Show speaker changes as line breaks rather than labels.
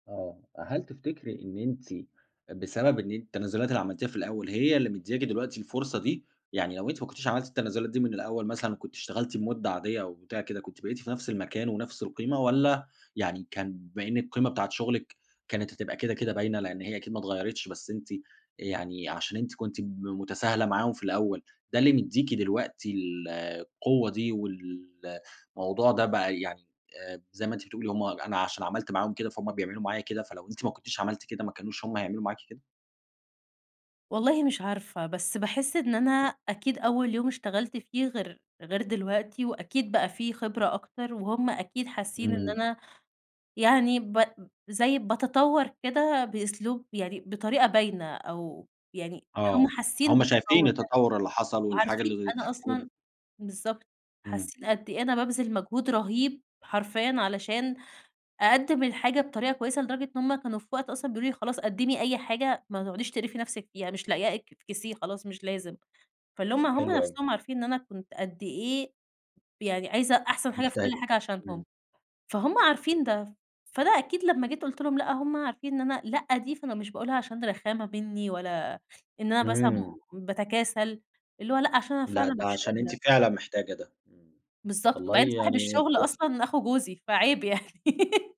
آه. أ هل تفتكري إن أنتِ بسبب إن التنازلات اللي عملتيها في الأول، هي اللي مدِّياكِ دلوقتي الفرصة دي؟ يعني لو أنتِ ما كنتيش عملتِ التنازلات دي من الأول مثلًا، وكنت اشتغلتِ بمدة عاديّة أو بتاع كده، كُنتِ بقيتِ في نفس المكان ونفس القيمة، والّا يعني كان بما إنِّك القيمة بتاعة شغلك كانت هتبقى كده كده باينة، لأن هي أكيد ما اتغيرتش بس أنتِ أ يعني عشان أنتِ كُنتِ ب متساهلة معاهم في الأول، ده اللي مدّيكي دلوقتي ال القوة دي والموضوع ده بقى يعني آآ، زي ما أنتِ بتقولي هُم أنا عشان عملت معاهم كده، فهُم بيعملوا معايا كده، فلو أنتِ ما كنتيش عملتِ كده، ما كانوش هُم هيعملوا معاكِ كده؟
والله مش عارفة، بس باحس إن أنا أكيد أول يوم اشتغلت فيه غير غير دلوقتي وأكيد بقى في خبرة أكتر، وهُم أكيد حاسّين إن
إمم.
أنا يعني ب زي باتطور كده بأسلوب يعني بطريقة باينة أو يعني هُم
آه،
حاسّين
هُم شايفين
بالتطوّر ده.
التطور اللي حصل والحاجة
وعارفين
اللي
أنا
وال
أصلًا بالضبط،
إمم.
حاسّين قد إيه أنا بابذل مجهود رهيب حرفيًا علشان أقدّم الحاجة بطريقة كويسة، لدرجة إن هُم كانوا في وقت أصلًا بيقولوا لي: "خلاص، قدّمي أي حاجة، ما تقعديش تقرفي نفسِك، يعني مش لاقياه اك إفكسيه خلاص مش لازم." فاللي هُم هُم
حلو أوي.
نفسهم عارفين إن أنا كُنت قد إيه يعني عايزة أحسن حاجة في كل
مجتهدة،
حاجة عشانهم،
إمم.
فهُم عارفين ده. فأنا أكيد لمّا جيت قُلت لهم: "لا." هُم عارفين إن أنا لا دي، فأنا مش باقولها عشان رخامة مني ولا إن أنا مثلًا
إمم.
باتكاسل، اللي هو لأ عشان أنا
لأ،
فعلًا
ده
مش
عشان أنتِ
قادرة.
فعلًا محتاجة ده، إمم.
بالضبط.
والله
وبعدين صاحب
يعني
الشغل
كويّ
أصلًا أخو جوزي، فعيب يعني.